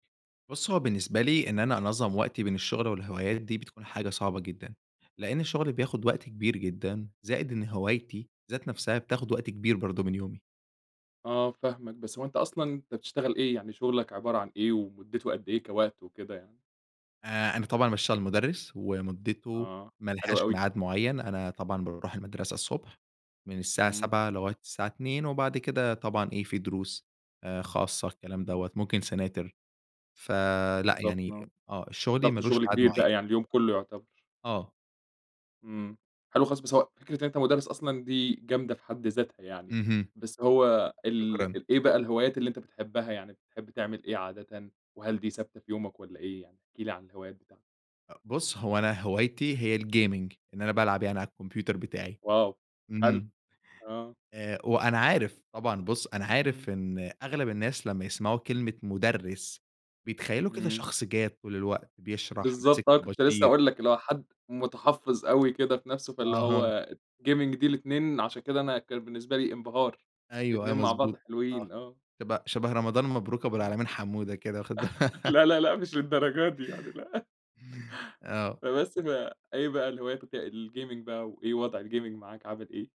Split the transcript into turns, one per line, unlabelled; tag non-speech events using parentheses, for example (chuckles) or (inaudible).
بُصّ، هو بالنسبة لي إن أنا أنظم وقتي بين الشغل والهوايات دي بتكون حاجة صعبة جدًا، لأن الشغل بياخد وقت كبير جدًا، زائد إن هوايتي ذات نَفسها بتاخد وقت كبير برضو من يومي.
آه فاهمك. بس هو أنت أصلًا أنت بتشتغل إيه؟ يعني، شغلك عبارة عن إيه، ومدته قدّ إيه كوقت وكده يعني؟
آآ، أنا طبعًا باشتغل مدرّس، ومدته
آه،
ما
حلو
لهاش
أوي.
ميعاد معين، أنا طبعًا باروح المدرسة الصبح من الساعة
إمم.
07:00 لغاية الساعة 14:00، وبعد كده طبعًا إيه في دروس آآ، خاصة، الكلام دوّة
اهم.
ممكن سناتر، فلأ
بالضبط،
يعني
آه.
آه شغلي ما
ضغط
لوش
شغل
ميعاد
كبير
معين.
بقى يعني، اليوم كله يعتبر.
آه.
إمم، حلو خالص، بس هو فكرة إن أنت مدرّس أصلًا دي جامدة في حد ذاتها يعني،
اهم.
بس هو ال
شكرًا.
ال إيه بقى الهوايات اللي أنت بتحبها، يعني بتحب تعمل إيه عادةً؟ وهل دي ثابتة في يومك والّا إيه يعني؟ احكِ لي عن الهوايات بتاعتك.
أ بُصّ هو أنا هوايتي هي الgaming، إن أنا بالعب يعني على الكمبيوتر بتاعي،
واو حلو،
إمم
آه.
آآ، وأنا عارف طبعًا، بُصّ أنا
إمم.
عارف إن أغلب الناس لمّا يسمعوا كلمة مدرّس بيتخيلوا كده
إمم.
شخص جاد طول الوقت، بيشرح، ماسك
بالضبط آه، كنت لسه
طباشير.
هاقول لك، اللي هو حد متحفّظ أوي كده في نفسه، فاللي
أها.
هو Gaming دي الاتنين عشان كده أنا كان بالنسبة لي انبهار،
أيوه أيوه
الاتنين مع بعض
مظبوط آه،
حلوين، آه.
شبه شبه رمضان مبروك أبو
إمم.
العالمين حمودة كده، واخد با
(laughs) لأ،
(laughs)
لأ، لأ، مش للدرجة دي يعني، لأ.
(chuckles) آه.
فبس ف إيه بقى الهوايات وك الGaming بقى، وإيه وضع الGaming معاك عامل إيه؟